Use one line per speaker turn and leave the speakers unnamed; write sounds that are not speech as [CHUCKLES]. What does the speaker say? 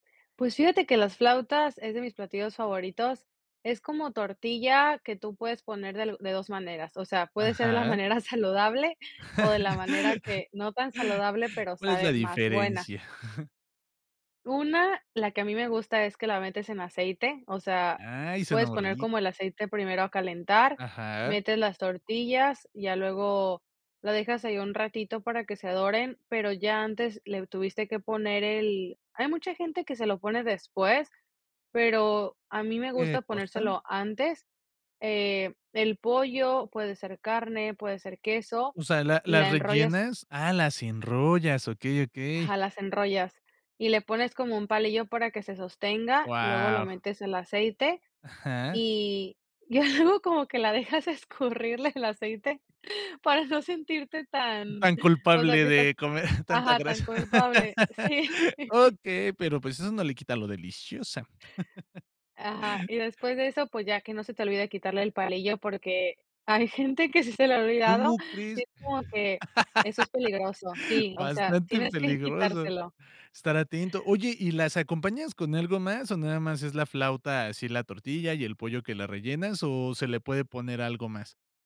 Pues fíjate que las flautas es de mis platillos favoritos. Es como tortilla que tú puedes poner de lu de 2 maneras, o sea, puede ser de la
Ajá.
manera saludable o de la manera
[LAUGHS]
que, no tan saludable, pero
¿Cuál es la
sabe más buena.
diferencia? [CHUCKLES]
Una, la que a mí me gusta es que la metes en aceite. O sea,
Ay, suena
puedes poner
horri
como el aceite primero a calentar,
Ajá.
metes las tortillas, ya luego lo dejas ahí un ratito para que se doren, pero ya antes le tuviste que poner el hay mucha gente que se lo pone después, pero a mí me
¿Qué
gusta
cosa?
ponérselo antes. Eh, el pollo puede ser carne, puede ser queso,
O sea, ¿la las
la enrollas
rellenas? Ah, las enrollas, okey, okey.
Ajá, las enrollas y le pones como un palillo para que se sostenga, luego lo
Guau.
metes en el aceite
Ajá.
y y algo como que la dejas escurrirle el aceite para no sentirte
Mm,
tan,
tan
o sea
culpable
que estás
de comer [CHUCKLES] tanta
ajá, tan
grasa.
culpable, sí.
[LAUGHS] Okey, pero, pues, eso no le quita lo deliciosa. [LAUGHS]
Ajá, y después de eso, pues ya que no se te olvide quitarle el palillo, porque hay gente que sí se le ha olvidado
¿Cómo
y
crees?
es como que eso es peligroso
[LAUGHS]
sí, o sea,
Bastante
tienes que
peligroso.
quitárselo.
Estar atento. Oye, ¿y las acompañas con algo más o nada más es la flauta así la tortilla y el pollo que la rellenas o se le puede poner algo más?